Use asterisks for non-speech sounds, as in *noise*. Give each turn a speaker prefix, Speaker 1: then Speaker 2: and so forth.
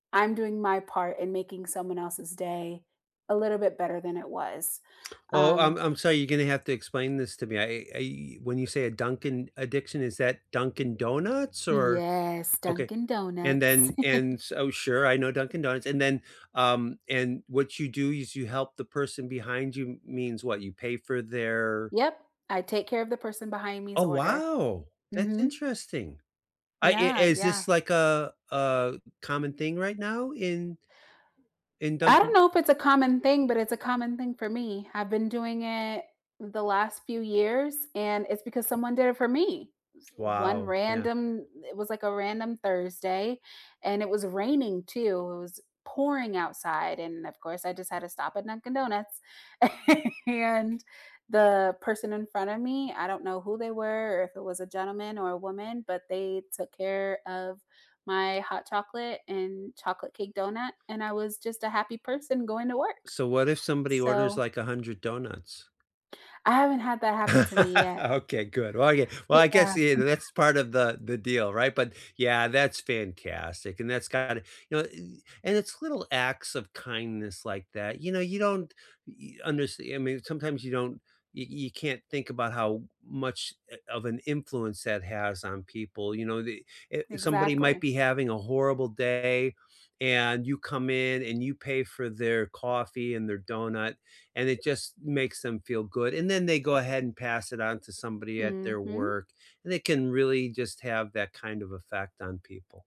Speaker 1: I'm doing my part in making someone else's day a little bit better than it was.
Speaker 2: Oh, I'm
Speaker 1: Um
Speaker 2: I'm sorry, you're gonna have to explain this to me, I I when you say a "Dunkin' addiction," is that Dunkin' Donuts or
Speaker 1: Yes,
Speaker 2: Okay,
Speaker 1: Dunkin'
Speaker 2: and
Speaker 1: Donuts.
Speaker 2: then and
Speaker 1: *chuckles*
Speaker 2: s Oh, sure, I know Dunkin' Donuts, and then um, and what you do is you help the person behind you, means what? You pay for their
Speaker 1: Yep. I take care of the person behind me's
Speaker 2: Oh,
Speaker 1: order.
Speaker 2: wow! That's
Speaker 1: Mhm.
Speaker 2: interesting. I i
Speaker 1: Yeah,
Speaker 2: is
Speaker 1: yeah.
Speaker 2: this like a a common thing right now in in
Speaker 1: I don't
Speaker 2: Dunkin'?
Speaker 1: know if it's a common thing, but it's a common thing for me. I've been doing it the last few years and it's because someone did it for me. It was one
Speaker 2: Wow, yeah.
Speaker 1: random it was, like, a random Thursday and it was raining too, it was pouring outside, and of course, I just had to stop at Dunkin' Donuts, *chuckles* and the person in front of me, I don't know who they were, or if it was a gentleman or a woman, but they took care of my hot chocolate and chocolate cake donut, and I was just a happy person going to work.
Speaker 2: So, what if somebody orders,
Speaker 1: So
Speaker 2: like, 100 donuts?
Speaker 1: I haven't had that happen to me
Speaker 2: *laughs*
Speaker 1: yet.
Speaker 2: Okay, good. Well, I gue well, I guess,
Speaker 1: Yeah.
Speaker 2: yeah, tha that's part of the the deal, right? But, yeah, that's fantastic and that's kinda you know, i and it's little acts of kindness like that. You know, you don't y underst I mean, sometimes you don't y you can't think about how much, eh, of an influence that has on people. You know, the eh, somebody might
Speaker 1: Exactly.
Speaker 2: be having a horrible day, and you come in, and you pay for their coffee and their donut, and it just makes them feel good, and then they go ahead and pass it on to somebody at their
Speaker 1: Mhm.
Speaker 2: work, and it can really just have that kind of effect on people.